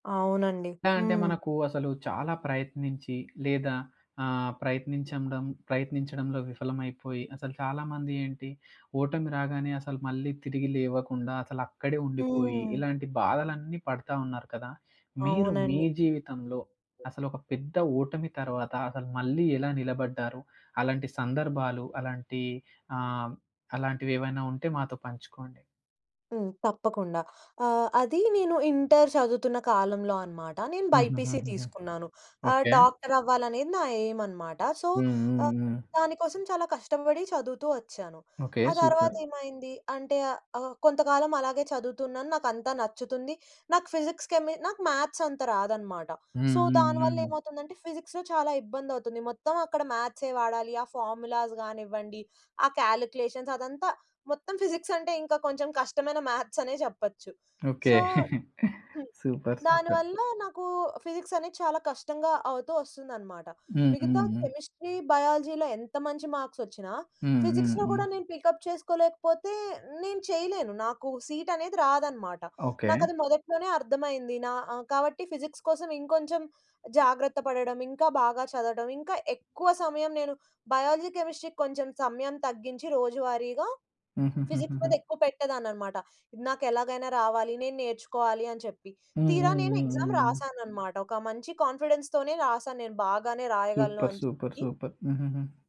అవునండి. ఎలా అంటే, హ్మ్. మనకు అసలు చాలా ప్రయత్నించి, లేదా ఆహ్, ప్రయత్నించండం ప్రయత్నించడంలో విఫలమైపోయి, అసలు చాలామంది ఏంటి, ఓటమి రాగానే అసల మళ్ళీ తిరిగి లేవకుండా అసలక్కడే ఉండిపోయి, హ్మ్. ఇలాంటి బాధలన్నీ పడతా ఉన్నారు కదా! మీరు మీ అవునండి. జీవితంలో అసలొక పెద్ద ఓటమి తర్వాత, అసలు మళ్ళీ ఎలా నిలబడ్డారు? అలాంటి సందర్భాలు, అలాంటి ఆహ్, అలాంటివేవైనా ఉంటే మాతో పంచుకోండి. హ్మ్. తప్పకుండా. ఆహ్, అదీ నేను ఇంటర్ చదువుతున్న కాలంలో అనమాట. నేను బైపీసీ హుహుహుహుహు. తీసుకున్నాను. ఆహ్, ఓకే. డాక్టరవ్వాలనేది నా ఎయిమనమాట. సో, హ్మ్, హ్మ్, ఆహ్, హ్మ్. దానికోసం చాలా కష్టపడి చదువుతూ వచ్చాను. ఓకే. ఆ సూపర్. తర్వాతేమైంది, అంటే, ఆహ్, ఆహ్, కొంతకాలమలాగే చదువుతున్నాను, నాకంతా నచ్చుతుంది. నాకు ఫిజిక్స్, కెమి నాకు మ్యాథ్సంత రాదనమాట. సో, హ్మ్. హ్మ్. దాని హ్మ్. వల్లేమవుతుందంటే, ఫిజిక్స్‌లో చాలా ఇబ్బందవుతుంది. మొత్తం అక్కడ మ్యాథ్సే వాడాలి. ఆ ఫార్ములాస్ గానివ్వండి, ఆ కాలిక్యులేషన్స్ అదంతా, మొత్తం ఫిజిక్సంటే ఇంకా కొంచెం కష్టమైన మ్యాథ్సనే జెప్పచ్చు. ఓకే. సో హ్మ్. Super, super. దానివల్లా నాకు ఫిజిక్సనేది చాలా కష్టంగా అవుతూ ఒస్తుందనమాట. హ్మ్, హ్మ్, మిగతా హ్మ్. కెమిస్ట్రీ, బయాలజీ‌లో ఎంత మంచి మార్క్సొచ్చినా, హ్మ్, హ్మ్, ఫిజిక్స్‌లో హ్మ్. గూడా నేను పికప్ చేసుకోలేకపోతే, నేను చెయలేను. నాకు సీటనేది రాదనమాట. ఓకే. నాకది మొదట్లోనే అర్థమైంది. నా ఆహ్, కాబట్టి ఫిజిక్స్ కోసం ఇంకొంచెం జాగ్రత్త పడడం, ఇంకా బాగా చదవడం, ఇంకా ఎక్కువ సమయం నేను బయాలజీ, కెమిస్ట్రీ‌కి కొంచెం సమయం తగ్గించి, రోజువారీగా ఫిజిక్స్ హుహుహుహుహు. మీదెక్కువ పెట్టేదాన్ననమాట. ఇది నాకెలాగైనా రావాలి, నేను నేర్చుకోవాలి అని చెప్పి. హ్మ్, తీరా హ్మ్, హ్మ్, హ్మ్, నేనెగ్జామ్ హ్మ్. రాశాననమాట, ఒక మంచి కాన్ఫిడెన్స్‌తోనే రాశాను, నేను బాగానే రాయగలను సూపర్, అని సూపర్, చెప్పి. సూపర్. హుహుహు.